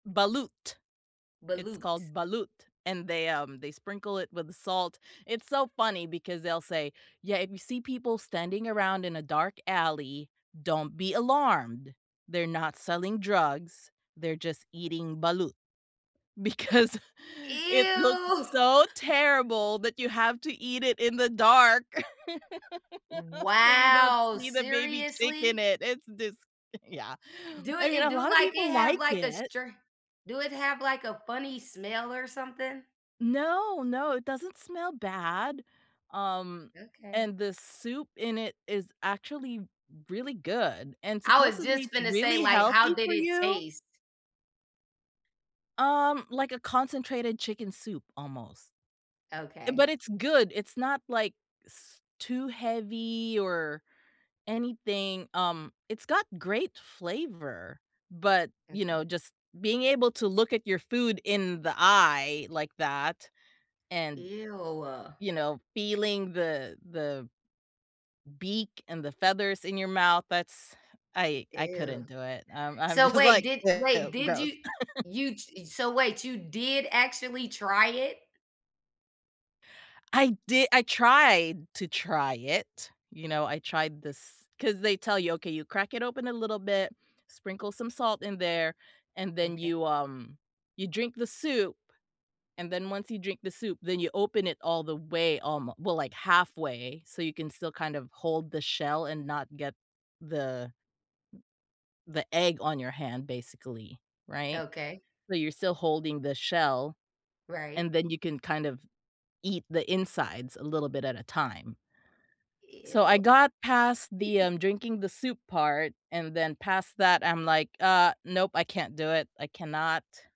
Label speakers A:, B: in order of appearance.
A: Balut, it's
B: Balut.
A: called balut, and they, um, they sprinkle it with salt. It's so funny because they'll say, "Yeah, if you see people standing around in a dark alley, don't be alarmed. They're not selling drugs, they're just eating balut," because it looks
B: Ew!
A: so terrible that you have to eat it in the dark, so you don't
B: Wow.
A: see the baby chick in
B: Seriously?
A: it, it's dis yeah,
B: Do
A: I
B: it
A: mean,
B: it
A: a
B: do,
A: lotta
B: like,
A: people
B: it have,
A: like
B: like, a
A: it.
B: stra do it have, like, a funny smell or something?
A: No, no, it doesn't smell bad, um,
B: Okay.
A: and the soup in it is actually really good and
B: I was
A: supposedly
B: just
A: it's
B: finna say,
A: really
B: like, how
A: healthy
B: did
A: for
B: it
A: you.
B: taste?
A: Um, like a concentrated chicken soup almost. Uh,
B: Okay.
A: but it's good, it's not like s too heavy or anything, um, it's got great flavor, but, you know,
B: Okay.
A: just being able to look at your food in the eye like that, and,
B: Ew.
A: you know, feeling the the beak and the feathers in your mouth, that's I I
B: Ew.
A: couldn't do it, um, I'm
B: So,
A: just
B: wait,
A: like,
B: did wait,
A: "Ew,
B: did
A: gross."
B: you y you t so, wait, you did actually try it?
A: I di I tried to try it, you know, I tried this 'cause they tell you, "Okay, you crack it open a little bit, sprinkle some salt in there, and then
B: Okay.
A: you, um you drink the soup," and then once you drink the soup, then you open it all the way, um, well like halfway, so you can still kind of hold the shell and not get the the egg on your hand basically, right?
B: Okay.
A: So, you're still holding the shell,
B: Right.
A: and then, you can kind of eat the insides a little bit at a time so,
B: Ew.
A: I got past the, um, drinking the soup part, and then past that I'm like, "Uh, nope. I can't do it. I cannot."